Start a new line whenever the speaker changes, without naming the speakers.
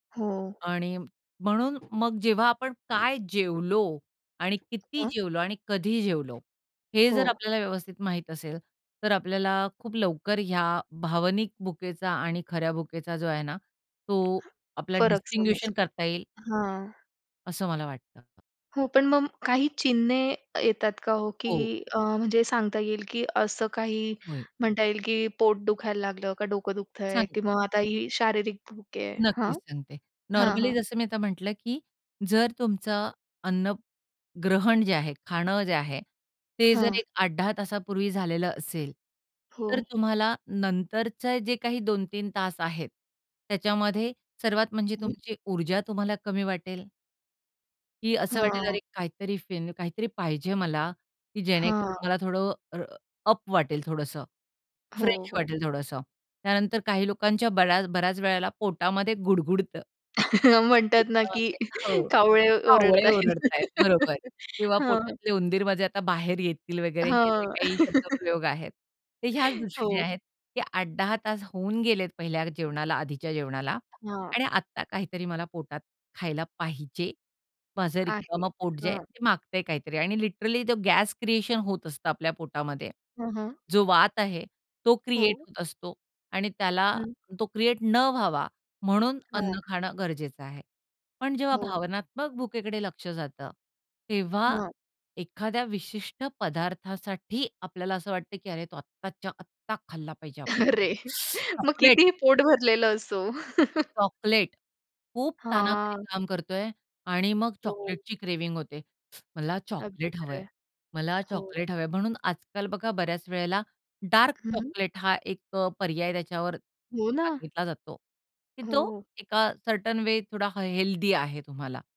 हां.
आणि म्हणून मग जेव्हा आपण काय जेवलो आणि किती
हां.
जेवलो आणि कधी जेवलो, हे जर
हो.
आपल्याला व्यवस्थित माहीत असेल, तर आपल्याला खूप लवकर या भावनिक भुकेचा आणि खऱ्या भुकेचा जो आहे ना, तो आपला
फरक
डिस्टिंग्विशन
समजला.
करता येईल.
हां.
असं मला वाटतं.
हो. पण मग काही चिन्हे येतात का हो,
हो.
की अ, म्हणजे सांगता येईल, की असं काही
होय.
म्हणता येईल, की पोट दुखायला लागलं का डोकं दुखतंय
सांगते.
किंवा मग आता ही शारीरिक भूक आहे? हं.
नक्कीच सांगते.
हां,
नॉर्मली
हां.
जसं मी आता म्हटलं, की जर तुमचं अन्न ग्रहण जे आहे, खाणं जे आहे ते जर
हां.
एक 8-10 तासापूर्वी झालेलं असेल,
हो.
तर तुम्हाला नंतरचे जे काही 2-3 तास आहेत, त्याच्यामध्ये सर्वात म्हणजे
हो.
तुमची ऊर्जा तुम्हाला कमी वाटेल की असं वाटेल
हां.
अरे काहीतरी फिन काहीतरी पाहिजे मला, की
हां.
जेणेकरून मला थोडं अ, अप वाटेल थोडंस.
हो,
फ्रेश
हो.
वाटेल थोडसं. त्यानंतर काही लोकांच्या बऱ्याच बऱ्याच वेळेला पोटामध्ये गुडगुडतं
म्हणतात ना, की
पोटामध्ये हो.
कावळे ओरडत
कावळे
आहेत.
ओरडत आहेत, बरोबर. किंवा
हां.
पोटातले उंदीर माझे आता बाहेर येतील वगैरे हे जे
हां.
काही शब्दप्रयोग आहेत, ते ह्याच दृष्टीनी
हो.
आहेत, ते 8-10 तास होऊन गेलेत पहिल्या जेवणाला, आधीच्या जेवणाला
हां.
आणि आत्ता काहीतरी मला पोटात खायला पाहिजे. माझं
आहे.
रिकामं पोट जे आहे,
हां.
ते मागतंय काहीतरी आणि लिटरली तो गॅस क्रिएशन होत असतं आपल्या पोटामध्ये.
हां, हां.
जो वात आहे, तो क्रिएट
हो.
होत असतो आणि त्याला
हं.
तो क्रिएट न व्हावा म्हणून
हां.
अन्न खाणं गरजेचं आहे. पण जेव्हा
हो.
भावनात्मक भुकेकडे लक्ष जातं, तेव्हा
हां.
एखाद्या विशिष्ट पदार्थासाठी आपल्याला असं वाटत, की "अरे तो, आत्ताच्या आत्ता खाल्ला पाहिजे आपण."
अरे! मग
चॉकलेट.
कितीही पोट भरलेलं असो.
चॉकलेट. खूप ताणाखाली
हां.
काम करतोय आणि मग
हो.
चॉकलेटची क्रेव्हिंग होते. मला
अगदी
चॉकलेट
खरं
हवंय.
आहे.
मला
हो.
चॉकलेट हवंय. म्हणून आजकाल बघा बऱ्याच वेळेला डार्क
हं.
चॉकलेट हा एक अ, पर्याय त्याच्यावर
हो ना.
सांगितला जातो. की तो
हो.
एका सर्टन वे अ, थोडा हेल्दी आहे तुम्हाला.